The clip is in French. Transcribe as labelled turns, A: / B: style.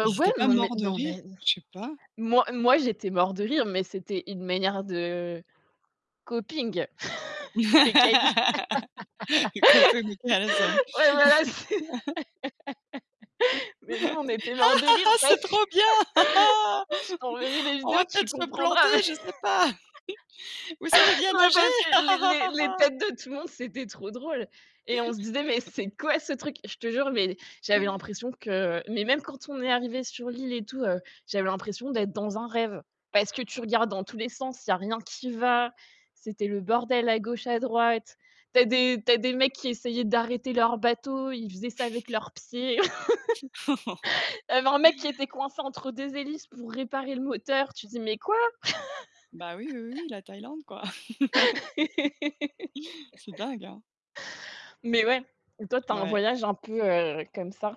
A: I ils
B: ouais,
A: étaient pas
B: non, mais
A: morts de
B: non,
A: rire,
B: mais
A: je sais pas?
B: moi moi, j'étais mort de rire, mais c'était une manière de [unintelligible]
A: [unintelligible] «Ha
B: Ouais, voilà, c'est, mais nous, on était morts de
A: ha
B: rire
A: ha!
B: [unintelligible]
A: C'est trop bien. Ha ha!
B: je t'enverrai des
A: On va
B: vidéos,
A: peut-être
B: tu
A: se planter,
B: comprendras.
A: je sais pas. Vous savez bien
B: Non,
A: nager?
B: parce que
A: Ha ha
B: les
A: ha
B: les
A: ha
B: les
A: ha!»
B: têtes de tout le monde, c'était trop drôle et on se disait: «Mais c'est quoi ce truc?» Je te jure, mais j'avais l'impression que, mais même quand on est arrivé sur l'île et tout, j'avais l'impression d'être dans un rêve parce que tu regardes dans tous les sens, il y a rien qui va, c'était le bordel à gauche, à droite. Tu as des tu as des mecs qui essayaient d'arrêter leur bateau, ils faisaient ça avec leurs pieds. Il y avait un mec qui était coincé entre 2 hélices pour réparer le moteur, tu dis: «Mais quoi».
A: Bah, oui, oui, oui, la Thaïlande, quoi. C'est dingue, hein.
B: Mais ouais, toi, tu as un
A: Ouais.
B: voyage un peu comme ça?